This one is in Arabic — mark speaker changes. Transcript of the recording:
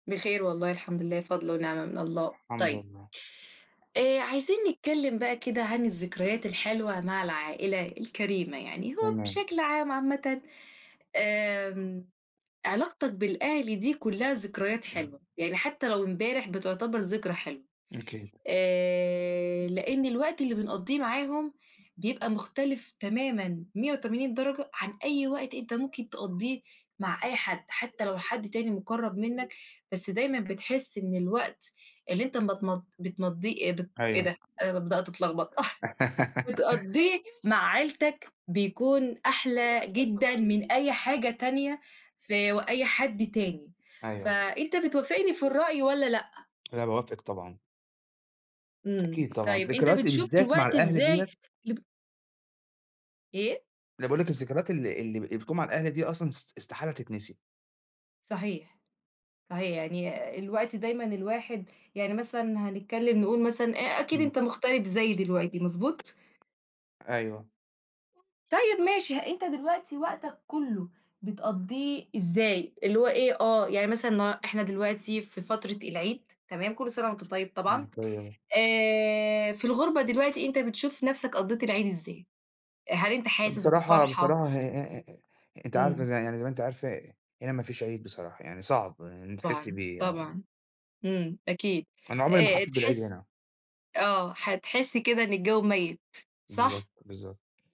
Speaker 1: بخير والله الحمد لله، فضل ونعمة من الله.
Speaker 2: الحمد
Speaker 1: طيب
Speaker 2: لله.
Speaker 1: آآ، عايزين نتكلم بقى كده عن الذكريات الحلوة مع العائلة الكَريمة يعني، هو
Speaker 2: تمام.
Speaker 1: بشكل عام عامةً آمم، علاقتك بالأهل دي كلها ذكريات حلوة، يعني حتى لو امبارح بتعتبر ذكرى حلوة،
Speaker 2: أكيد.
Speaker 1: آآ، لأن الوقت اللي بنقضيه معاهم بيبقى مختلف تمامًا 180 درجة عن أي وقت أنت ممكن تقضيه مع أي حد، حتى لو حد تاني مقرب منك، بس دايمًا بتحس إن الوقت اللي أنت بتمض بتمَضيه بت إيه
Speaker 2: أيوه.
Speaker 1: ده أنا بدأت اتلخبط. بتقضيه مع عيلتك بيكون أحلى جدًا من أي حاجة تانية ف وأي حد تاني.
Speaker 2: أيوه.
Speaker 1: فأنت بتوافقني في الرأي والّا لأ؟
Speaker 2: لأ، باوافقِك طبعًا.
Speaker 1: إمم.
Speaker 2: أكيد طبعًا.
Speaker 1: طيب أنت
Speaker 2: ذكرياتي
Speaker 1: بتشوف
Speaker 2: بالذات مع
Speaker 1: الوقت
Speaker 2: الأهل
Speaker 1: إزاي
Speaker 2: ديّة
Speaker 1: اللي ب إيه؟
Speaker 2: لأ باقول لِك الذكريات ال ال اللي بتكون مع الأهل دي أصلًا، است استحالة تتنسي.
Speaker 1: صحيح. صحيح. يعني الوقت دايمًا الواحد يعني مثلًا هنتكلم نقول مثلًا أ أكيد أنت
Speaker 2: إمم.
Speaker 1: مُغترب زيي دلوقتي، مضبوط؟
Speaker 2: أيوه.
Speaker 1: طيب ماشي، أنت دلوقتي وقتك كله بتقضيه إزاي؟ اللي هو إيه آه. يعني مثلًا ن إحنا دلوقتي في فترة العيد، تمام، كل سنة وأنت طيب طبعًا.
Speaker 2: وأنتِ طيبة.
Speaker 1: آآ، في الغربة دلوقتي أنت بتشوف نفْسك قضيت العيد إزاي؟ هل أنت حاسس
Speaker 2: بصراحة
Speaker 1: بفرحة؟
Speaker 2: بصراحة آآ، أنتِ عارفة
Speaker 1: إمم.
Speaker 2: ز يعني زي ما أنتِ عارفة هنا مفيش عيد بصراحة، يعني صعب إن أنتِ تحسي
Speaker 1: طبعًا.
Speaker 2: بيه. آه.
Speaker 1: طبعًا. إمم. أكيد.
Speaker 2: أنا عمري ما
Speaker 1: آآ،
Speaker 2: حسيت بالعيد
Speaker 1: تحس
Speaker 2: هنا.
Speaker 1: آه. هتحس كده إن الجو ميت، صح؟
Speaker 2: بالضبط. بالضبط.